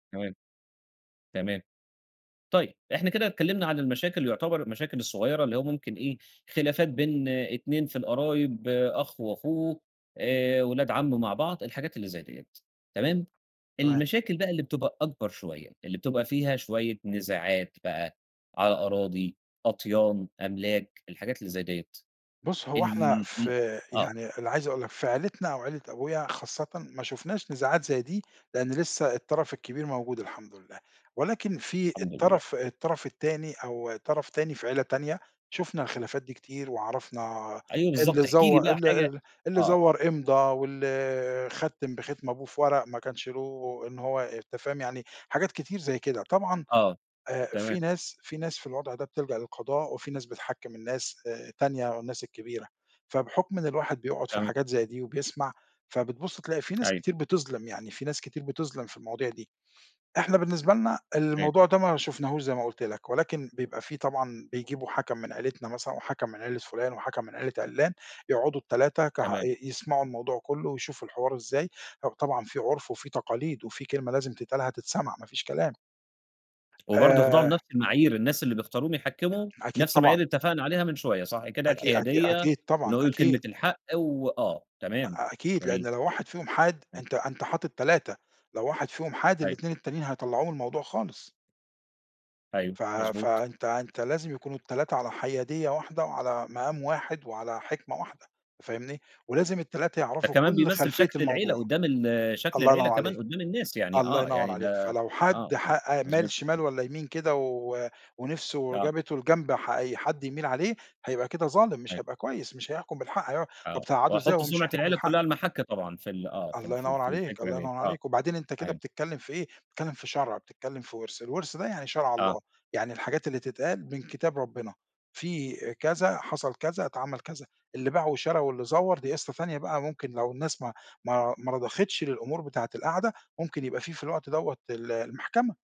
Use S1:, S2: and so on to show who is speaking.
S1: تمام، تمام. طيب إحنا كده اتكلمنا عن المشاكل يُعتبر المشاكل الصغيّرة اللي هو ممكن إيه خلافات بين 2 في القرايب، أخ وأخوه، آآ، ولاد عَم مع بعض، الحاجات اللي زي دِيّة، تمام؟
S2: تمام.
S1: المشاكل بقى اللي بتبقى أكبر شوية، اللي بتبقى فيها شوية نزاعات بقى على أراضي، أطيان، أملاك، الحاجات اللي زي دِيّة،
S2: بُصّ هو إحنا
S1: ال ال
S2: في
S1: أ آه.
S2: يعني اللي عايز اقول لك في عيلتنا أو عيلة أبويا خاصةً ما شُفناش نزاعات زي دي لإن لسه الطرف الكبير موجود الحمد لله، ولكن في
S1: الحمدلله.
S2: الطرف الطرف التاني أو طرف تاني في عيلة تانية شُفنا الخلافات دي كتير، وعرفنا
S1: أيوه بالضبط
S2: اللي
S1: احكِ لي
S2: زوّ
S1: بقى
S2: اللي
S1: حاجة
S2: اللي اللي
S1: آه.
S2: زوّر إمضا واللي ختّم بختم أبوه في ورق ما كانش له إن هو أنت فاهم يعني حاجات كتير زي كده، طبعًا
S1: آه،
S2: آآ،
S1: تمام.
S2: في ناس في ناس في الوضع ده بتلجأ للقضاء، وفي ناس بتحكّم الناس آآ، تانية الناس الكبيرة، فبحُكم إن الواحد بيقعُد في
S1: تمام.
S2: حاجات زي دي وبيسمع فبتبُص تلاقي في ناس
S1: أيوه.
S2: كتير بتظلم يعني، في ناس كتير بتظلم في المواضيع دي، إحنا بالنسبة لنا
S1: تمام.
S2: الموضوع ده ما شُفناهوش زي ما قُلت لك، ولكن بيبقى في طبعًا بيجيبوا حَكَم من عيلتنا مثلًا وحَكَم من عيلة فُلان وحَكَم من عيلة عِلّان، يقعُدوا ال3 كح
S1: تمام.
S2: ي يسمعوا الموضوع كلّه ويشوفوا الحوار إزاي، هو طبعًا في عُرف وفي تقاليد وفي كلمة لازم تتقال هتتسمع ما فيش كلام.
S1: وبرضه يخضعوا
S2: آآ
S1: لنَفْس المعايير، الناس اللي بيختاروهم يحكّموا
S2: أكيد
S1: نَفْس المعايير
S2: طبعًا.
S1: اللي اتفقنا عليها من شوية، صح كده؟
S2: أكي أكي
S1: الحيادية
S2: أكيد طبعًا
S1: ونقول ال كلمة
S2: أكيد.
S1: الحق و آه تمام
S2: أ أكيد
S1: جميل.
S2: لإن لو واحد فيهم حاد،
S1: [unintelligible]
S2: أنت أنت حاطت 3، لو واحد فيهم حاد
S1: أيوه.
S2: ال2 التانيين هيطلّعوه من الموضوع خالص.
S1: أيوه،
S2: ف
S1: مضبوط.
S2: فأنت أنت لازم يكونوا ال3 على حيادية واحدة وعلى مقام واحد وعلى حِكمة واحدة، فاهمني، ولازم ال3
S1: ده
S2: يعرفوا
S1: كمان
S2: كُلّ
S1: بيمثّل
S2: خلفية
S1: شكل العيلة
S2: الموضوع،
S1: قدّام ال شكل
S2: الله
S1: العيلة
S2: ينوّر عليك،
S1: كمان قدّام الناس يعني
S2: الله
S1: آه
S2: ينوّر
S1: يعني
S2: عليك،
S1: ده
S2: فلو
S1: آه،
S2: حد
S1: آه
S2: حأ مال
S1: مضبوط م
S2: شمال والّا يمين كده و ونِفْسه
S1: آه.
S2: جابته لجنب ح أي حد يميل عليه هيبقى كده ظالم، مش
S1: أيوه.
S2: هيبقى كويس، مش هيحكم بالحق، هيقع طَب
S1: آه،
S2: تقعده إزاي
S1: وهيحط
S2: وهو مش
S1: سُمعة
S2: هيحكم
S1: العيلة
S2: بالحق؟
S1: كلّها علي المَحَك طبعًا في ال آه في ال
S2: الله
S1: في ال
S2: ينوّر
S1: في
S2: عليك،
S1: الفكرة
S2: الله
S1: دِيّة،
S2: ينوّر
S1: آه،
S2: عليك، وبعدين أنت كده
S1: [unintelligible]
S2: بتتكلم في إيه، بتتكلم في شرع، بتتكلم في ورث، الورث ده يعني شرع
S1: آه.
S2: الله، يعني الحاجات اللي تتقال من كتاب ربنا، في آآ، كذا حصل كذا اتعمل كذا، اللي باع وشرا واللي زوّر دي قصة تانية بقى، ممكن لو الناس ما ما ما رضختش للأمور بتاعة القعدة ممكن يبقى فيه في الوقت دَوّة ال المحكمة.